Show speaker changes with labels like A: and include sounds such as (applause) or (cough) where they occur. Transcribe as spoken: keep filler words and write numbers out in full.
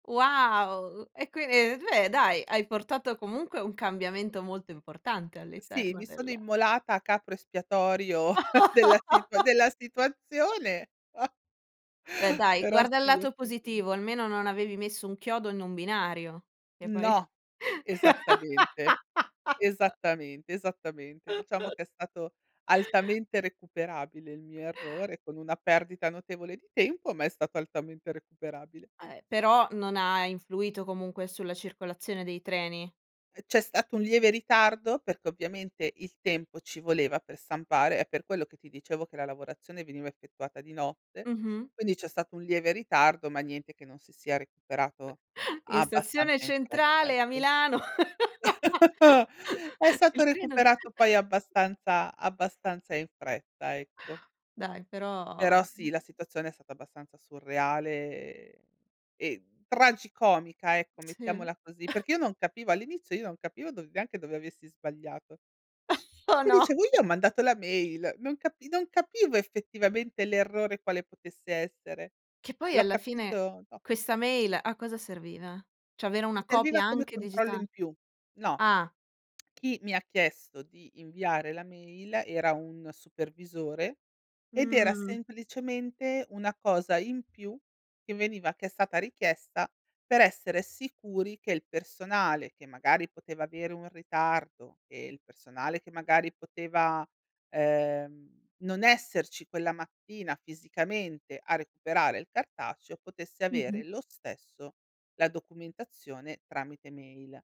A: Wow! Uhm, e que e d ve dai, hai portato comunque un cambiamento molto importante
B: Sì,
A: all'interno
B: mi
A: del
B: sono immolata a capro espiatorio (chuckles) della situa
A: (laughs)
B: della situazione. (chuckles)
A: Beh, dai,
B: Però
A: guarda il
B: sì, ho
A: lato positivo,
B: (unintelligible)
A: almeno non avevi messo un chiodo in un binario, che poi
B: No. Esattamente.
A: (laughs)
B: Esattamente, esattamente. Diciamo
A: (chuckles)
B: che è stato altamente recuperabile il mio errore, con una perdita notevole di tempo, ma è stato altamente recuperabile.
A: Eh, però non ha influito comunque sulla circolazione dei treni.
B: Ehm, c'è stato un lieve ritardo, perché ovviamente il tempo ci voleva per stampare. È per quello che ti dicevo che la lavorazione veniva effettuata di notte.
A: Mh-mh.
B: Quindi. c'è stato un lieve ritardo ma niente che non si sia recuperato
A: (chuckles) In stazione
B: abbastanza in fretta,
A: centrale a
B: ecco.
A: Milano.
B: (chuckles) È
A: (laughs)
B: stato
A: Il treno
B: recuperato poi
A: (chuckles)
B: abbastanza abbastanza in fretta, ecco.
A: Dai, però
B: Però sì, la situazione è stata abbastanza surreale, ehm e tragicomica, ecco
A: Sì.
B: mettiamola così,
A: (chuckles)
B: perché io non capivo all'inizio io non capivo dov neanche dove avessi sbagliato.
A: (chuckles) Oh,
B: Mi
A: no.
B: diceuo: "Io ho mandato la mail." Non capi non capivo effettivamente l'errore, quale potesse essere.
A: Che poi
B: L'ho
A: alla fine
B: capito dopo.
A: questa mail a cosa serviva? ceh avere una copia
B: Serviva come
A: anche
B: controllo
A: digita
B: in più. No.
A: ah.
B: Chi mi ha chiesto di inviare la mail, era un supervisore ed era
A: Mh.
B: semplicemente una cosa in più, che veniva che è stata richiesta per essere sicuri che il personale che magari poteva avere un ritardo, che il personale che magari poteva, ehm, non esserci quella mattina fisicamente a recuperare il cartaceo, potesse
A: Mh-mh.
B: avere lo stesso la documentazione tramite mail.